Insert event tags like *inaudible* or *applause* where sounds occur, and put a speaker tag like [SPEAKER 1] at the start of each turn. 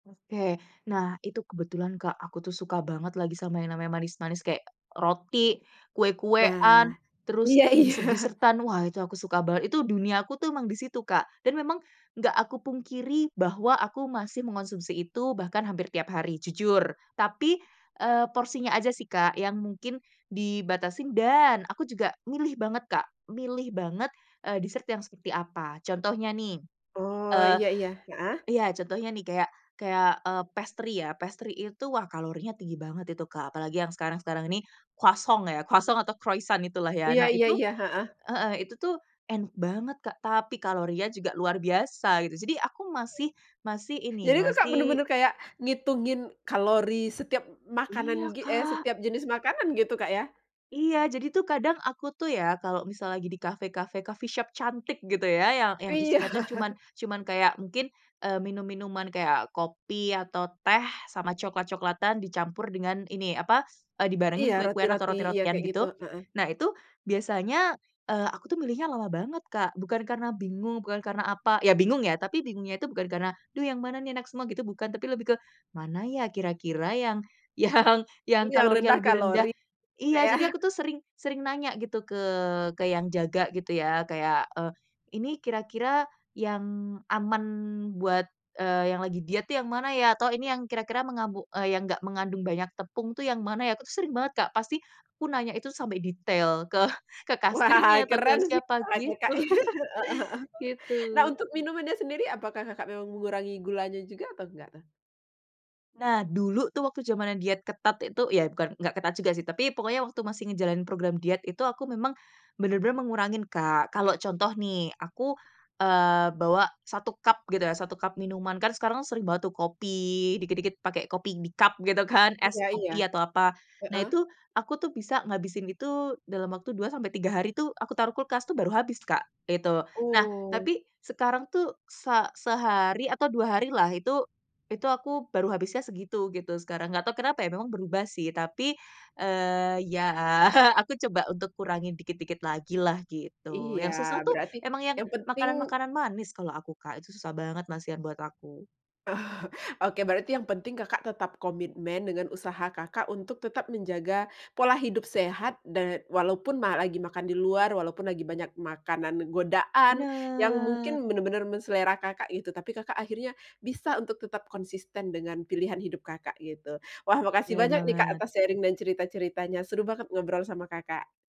[SPEAKER 1] Oke. Nah itu kebetulan Kak, aku tuh suka banget lagi sama yang namanya manis-manis kayak roti,
[SPEAKER 2] Nah,
[SPEAKER 1] kue-kuean, terus
[SPEAKER 2] iya iya.
[SPEAKER 1] dessert-desert-an. Wah, itu aku suka banget, itu duniaku tuh emang di situ, Kak. Dan memang nggak aku pungkiri bahwa aku masih mengonsumsi itu bahkan hampir tiap hari, jujur tapi, eee, porsinya aja sih Kak, yang mungkin dibatasin, dan aku juga milih banget Kak, milih banget, eee, dessert yang seperti apa. Contohnya nih,
[SPEAKER 2] Oh
[SPEAKER 1] eee
[SPEAKER 2] iya iya. Heeh?
[SPEAKER 1] iya contohnya nih kayak kayak, eee, pastry ya. Pastry itu wah kalorinya tinggi banget itu, Kak. Apalagi yang sekarang-sekarang ini croissant ya, croissant atau croissant itulah ya.
[SPEAKER 2] Iya
[SPEAKER 1] Nah
[SPEAKER 2] iya
[SPEAKER 1] Itu
[SPEAKER 2] iya, heeh.
[SPEAKER 1] heeh. Itu tuh enak banget Kak tapi kalorinya juga luar biasa, gitu. Jadi aku masih masih ini,
[SPEAKER 2] Jadi itu Kak,
[SPEAKER 1] masih
[SPEAKER 2] bener-bener kayak ngitungin kalori setiap
[SPEAKER 1] Iya,
[SPEAKER 2] makanan git eh,
[SPEAKER 1] Kak.
[SPEAKER 2] setiap jenis makanan gitu Kak ya?
[SPEAKER 1] Iya. Jadi tuh kadang aku tuh ya kalau misalnya lagi di cafe-cafe, coffee shop cantik gitu ya, yang yang
[SPEAKER 2] Iya.
[SPEAKER 1] isinya tuh cuman,
[SPEAKER 2] *chuckles*
[SPEAKER 1] cuman kayak mungkin, eee, minum-minuman kayak kopi atau teh sama cokelat-cokelatan dicampur dengan ini apa, eee,
[SPEAKER 2] Iya,
[SPEAKER 1] dibarengin kue-kuean atau
[SPEAKER 2] roti-roti. Iya,
[SPEAKER 1] roti-rotian
[SPEAKER 2] kayak gitu,
[SPEAKER 1] gitu.
[SPEAKER 2] heeh.
[SPEAKER 1] Nah, itu biasanya, eee, aku tuh milihnya lama banget, Kak. Bukan karena bingung, bukan karena apa, ya bingung ya tapi bingungnya itu bukan karena, duh yang mana nih enak semua gitu bukan, tapi lebih ke, mana ya kira-kira yang yang yang
[SPEAKER 2] Yang
[SPEAKER 1] kalorinya
[SPEAKER 2] rendah
[SPEAKER 1] lebih rendah.
[SPEAKER 2] kalori, Kak
[SPEAKER 1] Iya,
[SPEAKER 2] ya?
[SPEAKER 1] jadi
[SPEAKER 2] *chuckles*
[SPEAKER 1] aku tuh sering sering nanya gitu ke ke yang jaga gitu ya, kayak, eee, "Ini kira-kira yang aman buat, eee, yang lagi diet tuh yang mana ya?" Atau, "Ini yang kira-kira yang mengambu eee, yang enggak mengandung banyak tepung tuh yang mana ya?" Aku sering banget, Kak. Pasti aku nanya itu sampai detail ke *chuckles* ke
[SPEAKER 2] Wah,
[SPEAKER 1] kasirnya atau ke
[SPEAKER 2] keren sih
[SPEAKER 1] siapa
[SPEAKER 2] cara
[SPEAKER 1] gitu.
[SPEAKER 2] Kakak. *chuckles* Heeh heeh.
[SPEAKER 1] *chuckles* Gitu.
[SPEAKER 2] Nah, untuk minumannya sendiri apakah Kakak memang mengurangi gulanya juga atau nggak tuh?
[SPEAKER 1] Nah, dulu tuh waktu jamannya diet ketat itu ya bukan nggak ketat juga sih, tapi pokoknya waktu masih ngejalanin program diet itu aku memang bener-bener mengurangi, Kak. Kalau contoh nih, aku, eee, bawa 1 cup gitu ya, 1 cup minuman, kan sekarang sering bawa tuh kopi, dikit-dikit pake kopi di cup gitu kan? Es
[SPEAKER 2] Iya iya.
[SPEAKER 1] kopi atau apa. Nah,
[SPEAKER 2] Heeh.
[SPEAKER 1] itu, aku tuh bisa ngabisin itu dalam waktu 2-3 hari tuh aku taruh kulkas tuh baru habis Kak, gitu. Nah,
[SPEAKER 2] Oh.
[SPEAKER 1] tapi sekarang tuh se sehari atau 2 hari lah, itu itu aku baru habisnya segitu gitu sekarang. Nggak tau kenapa ya, memang berubah sih tapi, eee, ya aku coba untuk kurangi dikit-dikit lagi lah gitu. Yang
[SPEAKER 2] Iya.
[SPEAKER 1] susah tuh
[SPEAKER 2] Berarti
[SPEAKER 1] emang yang
[SPEAKER 2] yang penting
[SPEAKER 1] makanan-makanan manis kalau aku, Kak. Itu susah banget masihan buat aku.
[SPEAKER 2] Oh, oke. Berarti yang penting Kakak tetap komitmen dengan usaha Kakak untuk tetap menjaga pola hidup sehat dan walaupun malah lagi makan di luar, walaupun lagi banyak makanan godaan yang
[SPEAKER 1] Bener.
[SPEAKER 2] mungkin bener-bener men selera Kakak gitu, tapi Kakak akhirnya bisa untuk tetap konsisten dengan pilihan hidup Kakak gitu. Wah, makasih
[SPEAKER 1] Bener
[SPEAKER 2] banyak nih Kak
[SPEAKER 1] banget.
[SPEAKER 2] atas sharing dan cerita-ceritanya. Seru banget ngobrol sama Kakak.